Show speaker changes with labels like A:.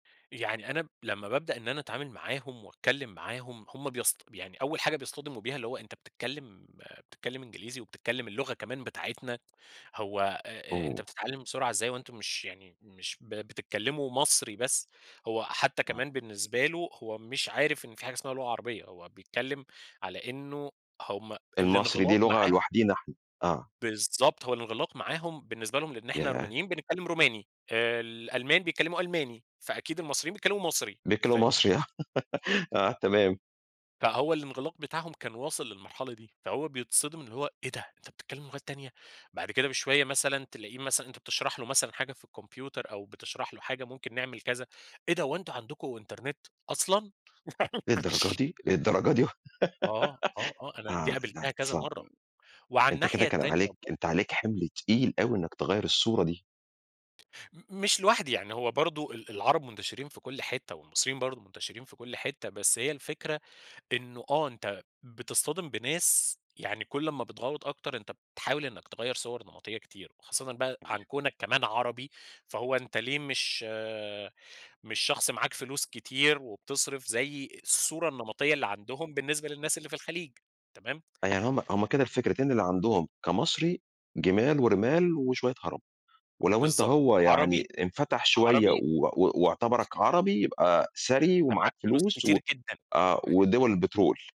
A: يعني أنا لمّا بابدأ إن أنا أتعامل معاهم وأتكلم معاهم، هُم بيصط يعني أول حاجة بيصطدموا بيها اللي هو أنت بتتكلم بتتكلم إنجليزي وبتتكلم اللغة كمان بتاعتنا، هو آآ، أ أنت
B: أوه!
A: بتتعلم بسرعة إزاي هو وأنتم مش يعني مش ب بتتكلموا مصري بس، هو حتى
B: آه.
A: كمان بالنسبة له هو مش عارف إن في حاجة اسمها لغة عربية، هو بيتكلم على إنه هُم
B: المصري دي
A: الانغلاق
B: لُغة
A: معاهم
B: لوحدينا إحنا، آه.
A: بالضبط، هو الانغلاق معاهم بالنسبة لهم، لأن إحنا
B: ياه!
A: رومانيين بنتكلم روماني، آآ، الألمان بيكلموا ألماني، فأكيد المصريين بيتكلموا مصري،
B: بيتكلموا
A: فاهم؟
B: مصري ها، آه تمام.
A: فهو الانغلاق بتاعهم كان واصل للمرحلة دي، فهو بيتصدم إن هو إيه ده أنت بتتكلم لغات تانية؟ بعد كده بشوية مثلًا تلاقيه مثلًا أنت بتشرح له مثلًا حاجة في الكمبيوتر أو بتشرح له حاجة ممكن نعمل كذا، إيه ده هو أنتم عندكم إنترنت؟! أصلًا!
B: للدرجة
A: [unintelligible]
B: دي! للدرجة دي
A: آه، آه، آه، أنا دي
B: آه، لأ
A: قابلتها كذا
B: صعب،
A: مرة، وعلى
B: أنت كده
A: الناحية
B: كان
A: التانية
B: عليك
A: بر
B: أنت عليك حِمْل تقيل أوي إنك تغيّر الصورة دي.
A: م مش لوحدي، يعني هو برضه ال العرب منتشرين في كُلّ حتة والمصريين برضه منتشرين في كُلّ حتة، بس هي الفكرة إنه آه أنت بتصطدم بناس يعني كُلّ ما بتْغوّط أكتر، أنت بتحاول إنك تغيّر صور نمطية كتير وخاصةً بقى
B: أيوه.
A: عن كوْنك كمان عربي، فهو أنت ليه مش مش شخص معاك فلوس كتير وبتصْرف زي الصورة النمطية اللي عندهم بالنسبة للناس اللي في الخليج، تمام.
B: آه، يعني هُم هُم كده الفكرتين اللي عندهم كمصري: جِمال ورِمال وشوية عرب، ولو أنت
A: بالضبط
B: هو يعني
A: عربي
B: انفتح شوية
A: عربي
B: و و واعتبرك عربي يبقى ثري
A: أنت معاك
B: ومعاك
A: فلوس
B: فلوس و
A: كتير جدًا.
B: آه ودُوَل البترول.